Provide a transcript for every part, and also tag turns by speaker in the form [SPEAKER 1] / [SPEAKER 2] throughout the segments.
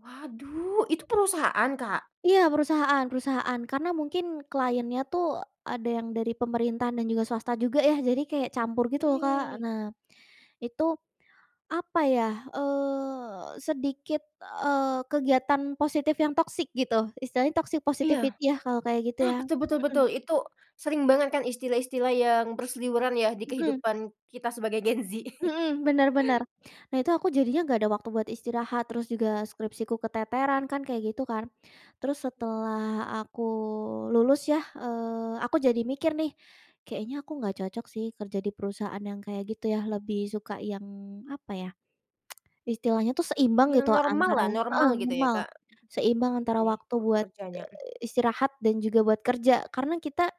[SPEAKER 1] Waduh! Itu perusahaan, Kak?
[SPEAKER 2] Iya. Perusahaan perusahaan. Karena mungkin client-nya tuh ada yang dari pemerintahan dan juga swasta juga ya. Jadi kayak campur gitu loh, Kak.
[SPEAKER 1] Eh.
[SPEAKER 2] Nah, itu apa ya, eee, sedikit, eee, kegiatan positif yang toxic gitu. Istilahnya toxic
[SPEAKER 1] Iya.
[SPEAKER 2] positivity ya, kalau kayak gitu
[SPEAKER 1] Nah,
[SPEAKER 2] ya.
[SPEAKER 1] betul betul
[SPEAKER 2] Hmm.
[SPEAKER 1] betul. Itu sering banget kan istilah-istilah yang berseliweran ya di
[SPEAKER 2] Hmm.
[SPEAKER 1] kehidupan kita sebagai Gen Z.
[SPEAKER 2] Hmm. Bener bener. Nah, itu aku jadinya nggak ada waktu buat istirahat, terus juga skripsiku keteteran kan kayak gitu kan. Terus setelah aku lulus ya, eee, aku jadi mikir nih, kayaknya aku nggak cocok sih kerja di perusahaan yang kayak gitu ya, lebih suka yang apa ya, istilahnya tuh seimbang
[SPEAKER 1] Yang
[SPEAKER 2] gitu antara
[SPEAKER 1] normallah,
[SPEAKER 2] heeh,
[SPEAKER 1] normal gitu ya,
[SPEAKER 2] normal.
[SPEAKER 1] Kak?
[SPEAKER 2] Seimbang antara
[SPEAKER 1] [unintelligible]
[SPEAKER 2] waktu
[SPEAKER 1] Waktu
[SPEAKER 2] buat,
[SPEAKER 1] kerjanya, mhm.
[SPEAKER 2] eee, istirahat dan juga buat kerja. Karena kita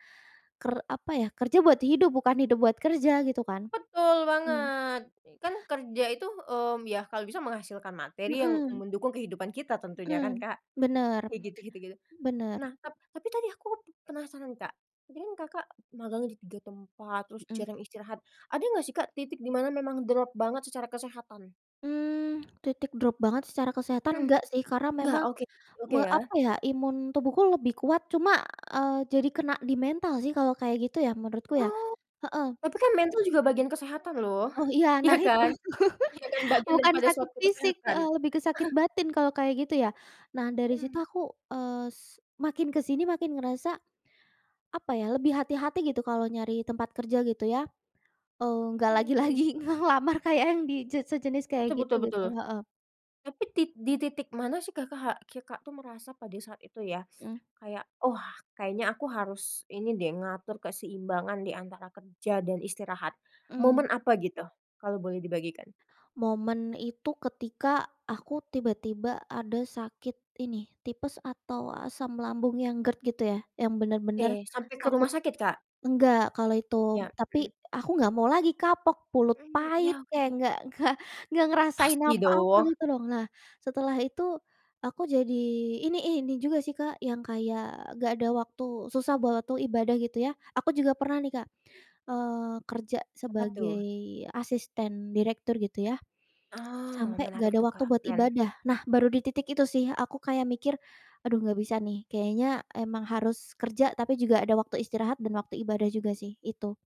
[SPEAKER 2] ker apa ya, kerja buat hidup, bukan hidup buat kerja, gitu kan?
[SPEAKER 1] Betul
[SPEAKER 2] Mmm.
[SPEAKER 1] banget! Kan kerja itu, mmm, ya kalau bisa menghasilkan materi yang
[SPEAKER 2] Hmm.
[SPEAKER 1] mendukung kehidupan kita tentunya kan,
[SPEAKER 2] Hmm.
[SPEAKER 1] Kak?
[SPEAKER 2] Bener.
[SPEAKER 1] Ya gitu gitu gitu.
[SPEAKER 2] Bener.
[SPEAKER 1] Nah, tap tadi aku pe penasaran, Kak, ini kan Kakak magang di 3 tempat, terus
[SPEAKER 2] Hmm.
[SPEAKER 1] jarang istirahat. Ada nggak sih, Kak, titik di mana memang drop banget secara kesehatan?
[SPEAKER 2] Mmm, titik drop banget secara kesehatan
[SPEAKER 1] Mmm,
[SPEAKER 2] enggak sih, karena
[SPEAKER 1] nggak?
[SPEAKER 2] memang
[SPEAKER 1] Oke oke
[SPEAKER 2] me
[SPEAKER 1] ya?
[SPEAKER 2] apa ya, imun tubuhku lebih kuat cuma, eee, jadi kena di mental sih kalau kayak gitu ya menurutku ya.
[SPEAKER 1] Oh.
[SPEAKER 2] Heeh.
[SPEAKER 1] Tapi kan mental juga bagian kesehatan loh.
[SPEAKER 2] Oh, iya.
[SPEAKER 1] Iya
[SPEAKER 2] Nah, itu.
[SPEAKER 1] kan? [unintelligible] Bagian dari
[SPEAKER 2] Bukan
[SPEAKER 1] pada
[SPEAKER 2] sakit
[SPEAKER 1] suatu
[SPEAKER 2] fisik,
[SPEAKER 1] kesehatan.
[SPEAKER 2] heeh, lebih ke sakit batin kalau kayak gitu ya. Nah, dari situ
[SPEAKER 1] Hmm.
[SPEAKER 2] aku, eee, s makin ke sini makin ngerasa apa ya, lebih hati-hati gitu kalau nyari tempat kerja, gitu ya. Eee, nggak
[SPEAKER 1] Oke.
[SPEAKER 2] lagi-lagi ngelamar kayak yang di je sejenis kayak
[SPEAKER 1] Betul
[SPEAKER 2] gitu,
[SPEAKER 1] betul
[SPEAKER 2] gitu.
[SPEAKER 1] betul.
[SPEAKER 2] Heeh.
[SPEAKER 1] Tapi tit di titik mana sih Kakak Kakak tuh merasa pada saat itu ya,
[SPEAKER 2] Hmm.
[SPEAKER 1] kayak, "Oh, kayaknya aku harus ini deh, ngatur keseimbangan di antara kerja dan istirahat."
[SPEAKER 2] Mmm.
[SPEAKER 1] Momen apa gitu? Kalau boleh dibagikan.
[SPEAKER 2] Momen itu ketika aku tiba-tiba ada sakit ini, tipes atau asam lambung yang GERD gitu ya. Yang bener-bener
[SPEAKER 1] Oke. Sampai ke
[SPEAKER 2] aku
[SPEAKER 1] rumah sakit, Kak?
[SPEAKER 2] nggak kalau itu.
[SPEAKER 1] Iya,
[SPEAKER 2] Tapi
[SPEAKER 1] hmm.
[SPEAKER 2] aku nggak mau lagi, kapok, mulut
[SPEAKER 1] Mmm.
[SPEAKER 2] pahit,
[SPEAKER 1] Ya, oke
[SPEAKER 2] kayak
[SPEAKER 1] oke.
[SPEAKER 2] nggak nggak nggak ngerasain
[SPEAKER 1] Pasti
[SPEAKER 2] apa-apa
[SPEAKER 1] dong.
[SPEAKER 2] gitu lho. Nah, setelah itu aku jadi ini ih, ini juga sih, Kak, yang kayak nggak ada waktu susah buat waktu ibadah gitu ya, aku juga pernah nih, Kak, eee, kerja
[SPEAKER 1] Apa
[SPEAKER 2] sebagai
[SPEAKER 1] tuh?
[SPEAKER 2] asisten direktur gitu ya,
[SPEAKER 1] Ah,
[SPEAKER 2] sampai gak
[SPEAKER 1] menarik
[SPEAKER 2] ada
[SPEAKER 1] tuh,
[SPEAKER 2] waktu
[SPEAKER 1] Kak.
[SPEAKER 2] buat
[SPEAKER 1] Keren.
[SPEAKER 2] ibadah. Nah, baru di titik itu sih aku kayak mikir, "Aduh, nggak bisa nih, kayaknya emang harus kerja, tapi juga ada waktu istirahat dan waktu ibadah juga sih." Itu.